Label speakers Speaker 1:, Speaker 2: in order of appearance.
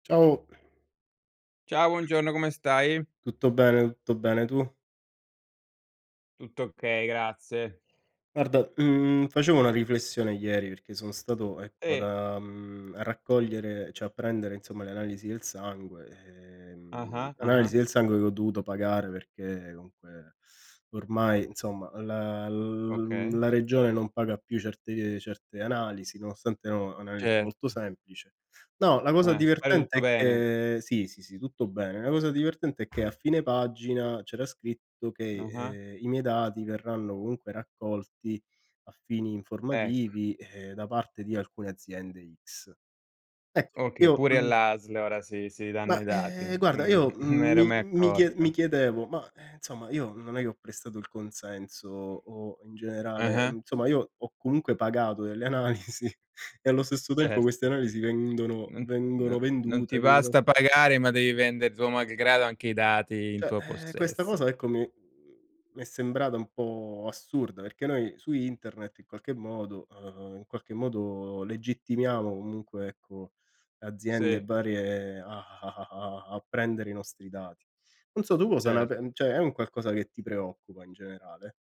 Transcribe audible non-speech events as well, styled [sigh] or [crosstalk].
Speaker 1: Ciao.
Speaker 2: Ciao buongiorno, come stai?
Speaker 1: Tutto bene, tutto bene tu?
Speaker 2: Tutto okay, grazie.
Speaker 1: Guarda, mhmm, facevo una riflessione ieri, perché sono stato ecco
Speaker 2: Eh.
Speaker 1: da mhmm, a raccogliere cioè a prendere insomma le analisi del sangue, ehm,
Speaker 2: Ah-ah, ah-ah.
Speaker 1: analisi del sangue che ho dovuto pagare perché comunque, ormai insomma la l mhmm,
Speaker 2: Okay.
Speaker 1: la regione non paga più certe certe analisi, nonostante erano analisi molto
Speaker 2: Certo.
Speaker 1: semplice. No, la cosa
Speaker 2: Eh, spero
Speaker 1: divertente
Speaker 2: tutto
Speaker 1: è
Speaker 2: bene.
Speaker 1: che sì, sì, sì tutto bene, la cosa divertente è che a fine pagina, c'era scritto che,
Speaker 2: Ah-ah.
Speaker 1: ehm, i miei dati verranno comunque raccolti a fini, ehm,
Speaker 2: Ecco.
Speaker 1: informativi da parte di alcune aziende X. Ecco,
Speaker 2: Okay,
Speaker 1: io
Speaker 2: pure
Speaker 1: mhmm
Speaker 2: all'ASL, ora si si
Speaker 1: ma
Speaker 2: danno i dati.
Speaker 1: eh guarda,
Speaker 2: Mh,
Speaker 1: io
Speaker 2: [chuckles] non m'ero
Speaker 1: mi
Speaker 2: mai
Speaker 1: mi chie mi
Speaker 2: accorto.
Speaker 1: chiedevo, ma, ehm, insomma io non è che ho prestato il consenso, o in generale
Speaker 2: Ah-ah.
Speaker 1: mhmm, somma io ho comunque pagato delle analisi e allo stesso tempo
Speaker 2: Certo.
Speaker 1: queste analisi vendono
Speaker 2: N no
Speaker 1: vengono,
Speaker 2: non ti
Speaker 1: vendute vengono
Speaker 2: basta pagare, ma devi vendere tuo malgrado, anche i dati in tuo
Speaker 1: Cioè eh, questa
Speaker 2: possesso.
Speaker 1: cosa ecco mi mi è sembrata un po' assurda, perché noi su internet in qualche modo ehm, in qualche modo legittimiamo comunque ecco aziende
Speaker 2: Sì.
Speaker 1: varie, a a a a a prendere i nostri dati. Non so tu cosa ne pen
Speaker 2: Certo.
Speaker 1: cioè è un qualcosa che ti preoccupa in generale?